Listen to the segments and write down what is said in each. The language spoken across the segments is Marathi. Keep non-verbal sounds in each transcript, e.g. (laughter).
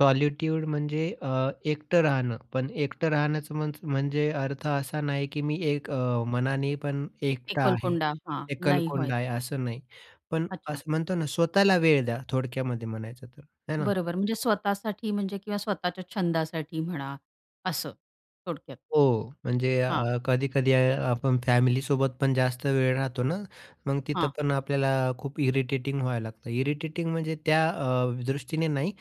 सॉलिट्यूड म्हणजे अ, एकटं राहणं, पण एकटं राहण्याचं मन्स म्हणजे अर्थ असा नाही की मी एक अ, मनाने पण एकटा आहे, एकलकोंडा. हां. नाही होय. एकलकोंडा आहे असं नाही. पण अच्छा. असं म्हणतो ना, स्वतःला वेळ द्या, थोडक्यामध्ये म्हणायचं तर आहे ना? बरोबर, म्हणजे स्वतःसाठी म्हणजे किंवा स्वतःच्या छंदासाठी म्हणा असं थोडक्यात. हो, म्हणजे हां. अ, कधी-कधी अ, आपण फॅमिलीसोबत पण जास्त वेळ राहतो ना, मग तिथं हां. पण आपल्याला खूप इरिटेटिंग व्हायला लागतं. इरिटेटिंग म्हणजे त्या अ, दृष्टीने नाही.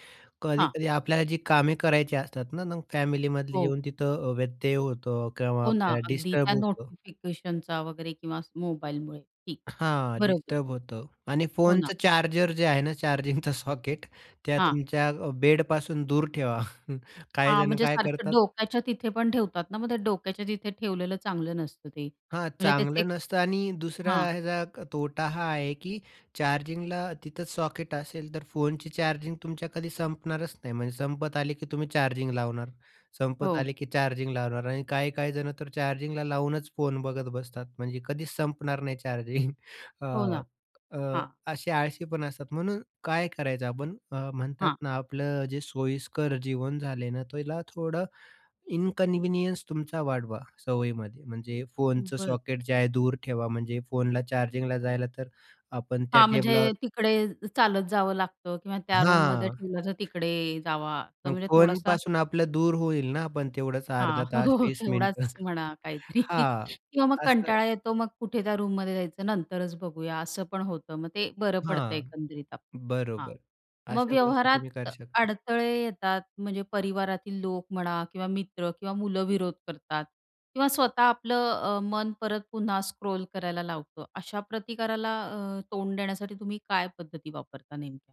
हां. कधी-कधी आपल्याला जी कामे करायची असतात ना, मग फॅमिलीमधली हो. येऊन तिथं अ, व्यत्यय येतो किंवा हो ना, आपल्याला अगदी डिस्टर्ब त्या होतं. नोटिफिकेशनचा वगैरे किंवा मोबाईलमुळे. ठीक हां, बरोबर. डिस्टर्ब होतं आणि हो ना. फोनचं चार्जर जे आहे ना चार्जिंग सॉकेट त्या हां. तुमच्या अ, बेडपासून दूर ठेवा. (chuckles) हां, काहीजण म्हणजे काय सारखं करतात? डोक्याच्या तिथे पण ठेवतात ना मग डोक्याच्या तिथे ठेवलेलं चांगलं नसतं ते हां, म्हणजे त्याचे चांगलं नसतं आणि दुसरा हां. ह्याचा तोटा हा आहे की चार्जिंगला तिथंच सॉकेट असेल तर फोनची चार्जिंग तुमच्या कधी संपणारच नाही. म्हणजे संपत आले की तुम्ही चार्जिंग लावणार, संपत हो. आले की चार्जिंग लावणार आणि काही-काही जण तर चार्जिंगला लावूनच फोन बघत बसतात, म्हणजे कधीच संपणार नाही चार्जिंग. (chuckles) अ, हो ना, अ, हां. असे आळशी पण असतात, म्हणून काय करायचं? आपण अ, म्हणतात हां. ना, आपलं अ, जे सोयीस्कर जीवन झालंय ना, त्याला थोडा इनकन्व्हीनियन्स तुमचा वाढवा सवयीमध्ये. म्हणजे फोनचं बरं. सॉकेट जे आहे दूर ठेवा, म्हणजे फोनला चार्जिंगला जायला तर आपण त्या हां. म्हणजे टेबलावर. तिकडे चालत जावं लागतं किंवा त्या रूममध्ये हां. ठेवलं तर तिकडे जावा तर मग म्हणजे थोडासा. फोनपासून आपलं दूर होईल ना पण तेवढाच 1/2 हां, हो, तास हो, 20 मिनिटं तेवढाच (chuckles) म्हणा काहीतरी हां. (chuckles) किंवा मग असं. कंटाळा येतो, मग कुठे त्या रूममध्ये जायचं, नंतरच बघूया असं पण होतं. मग ते बरं पडतं हां, एकंदरीत आपण. हां, बरोबर मग अशा गोष्टी तुम्ही व्यवहारात करू शकता. अडथळे येतात म्हणजे परिवारातील लोक म्हणा किंवा मित्र किंवा मुलं विरोध करतात किंवा स्वतः आपलं अ, मन परत पुन्हा स्क्रॉल करायला लावतं. अशा प्रतिकाराला अ, तोंड देण्यासाठी तुम्ही काय पद्धती वापरता नेमक्या?